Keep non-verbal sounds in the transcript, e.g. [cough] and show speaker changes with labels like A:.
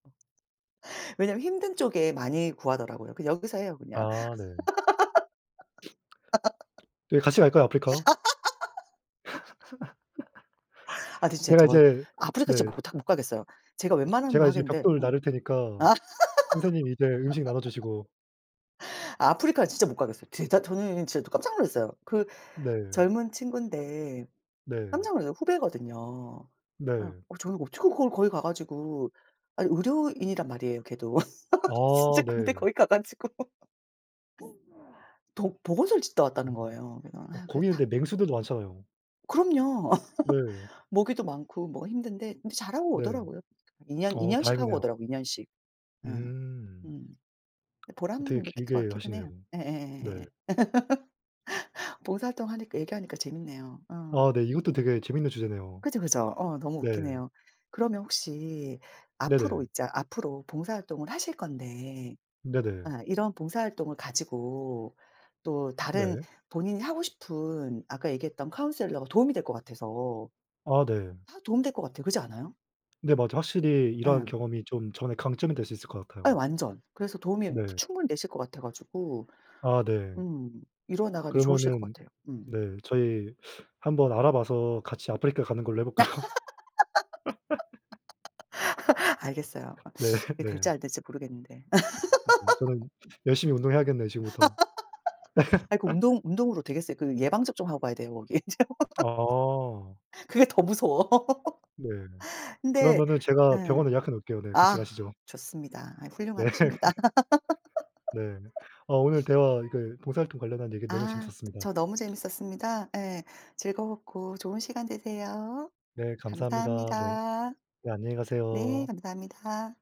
A: 왜냐면 힘든 쪽에 많이 구하더라고요. 여기서 해요 그냥.
B: 아 네. [sniffs] 둘이 같이 갈까요 아프리카?
A: [laughs] 아 근데
B: [laughs]
A: 진짜
B: 제가
A: 저
B: 이제
A: 아프리카
B: 네.
A: 진짜 못 하 못 가겠어요. 제가 웬만하면
B: 제가
A: 뭐
B: 이제
A: 하겠는데
B: 벽돌
A: 음.
B: 나를 테니까 선생님이 이제 음식 나눠주시고
A: [laughs] 아 아프리카는 진짜 못 가겠어요. 진짜 저는 진짜 깜짝 놀랐어요. 그
B: 네.
A: 젊은 친구인데
B: 네.
A: 깜짝 놀랐어요. 후배거든요. 어.
B: 네.
A: 저는 어떻게 거기를 거기 가 가지고 아 의료인이란 말이에요 걔도. [laughs] 진짜
B: 아
A: 근데
B: 네.
A: 거기 가 가지고 도 보건소를 짓다 왔다는
B: 어.
A: 거예요. 그래서
B: 어
A: 아 그래서
B: 거기는
A: 다
B: 근데 맹수들도 많잖아요.
A: 그럼요.
B: 네.
A: [laughs] 모기도 많고 뭐가 힘든데 근데 잘하고
B: 네.
A: 오더라고요. 2 년 2
B: 어
A: 년씩 하고
B: 다행이네요.
A: 오더라고 2 년씩. 예.
B: 음.
A: 음. 근데 보람
B: 되게
A: 느낄 것
B: 길게
A: 같기는
B: 가시네요.
A: 해요.
B: 네.
A: 예예예예예. [laughs] 봉사활동하니까 얘기하니까 재밌네요. 어.
B: 아 네. 이것도 되게 재밌는 주제네요.
A: 그죠 그죠. 어 너무
B: 네.
A: 웃기네요. 그러면 혹시 앞으로
B: 네네.
A: 있자 앞으로 봉사활동을 하실 건데
B: 네네.
A: 아 이런 봉사활동을 가지고 또 다른
B: 네.
A: 본인이 하고 싶은 아까 얘기했던 카운셀러가 도움이 될 것 같아서
B: 아 네.
A: 다 도움 될 것 같아요. 그렇지 않아요?
B: 네 맞아요. 확실히 이런
A: 예.
B: 경험이 좀 저는 강점이 될 수 있을 것
A: 예
B: 같아요.
A: 완전. 그래서 도움이
B: 네.
A: 충분히 되실 것 같아 가지고
B: 아 네.
A: 음. 이루어나가는데 좋으실 것
B: 그러면은
A: 같아요. 음.
B: 네. 저희 [sucks teeth] 한번 알아봐서 같이 아프리카 가는 걸로 해볼까요? [laughs]
A: [laughs] 알겠어요.
B: 네.
A: [sucks teeth]
B: [laughs]
A: 이게 될지
B: 네.
A: 안 될지 모르겠는데.
B: 네. 저는
A: [laughs]
B: 열심히 운동해야겠네요 지금부터.
A: [laughs] 아이고 운동
B: [laughs]
A: 운동으로 되겠어요. 그 예방 접종 하고 가야 돼요 거기.
B: 아.
A: [laughs] 그게 더 무서워.
B: 네.
A: [laughs] 근데
B: 그러면은 제가
A: 예.
B: 병원에 예약해 놓을게요. 네. 같이
A: 아
B: 가시죠.
A: 좋습니다. 아
B: 네.
A: 훌륭하십니다.
B: 네.
A: [laughs]
B: 아 오늘 대화 그 봉사활동 관련한 얘기 너무
A: 아.
B: 재밌었습니다.
A: 저 너무 재밌었습니다. 예. 즐거웠고 좋은 시간 되세요.
B: 네 감사합니다. 네.
A: 감사합니다.
B: 네 안녕히
A: 네
B: 가세요.
A: 감사합니다.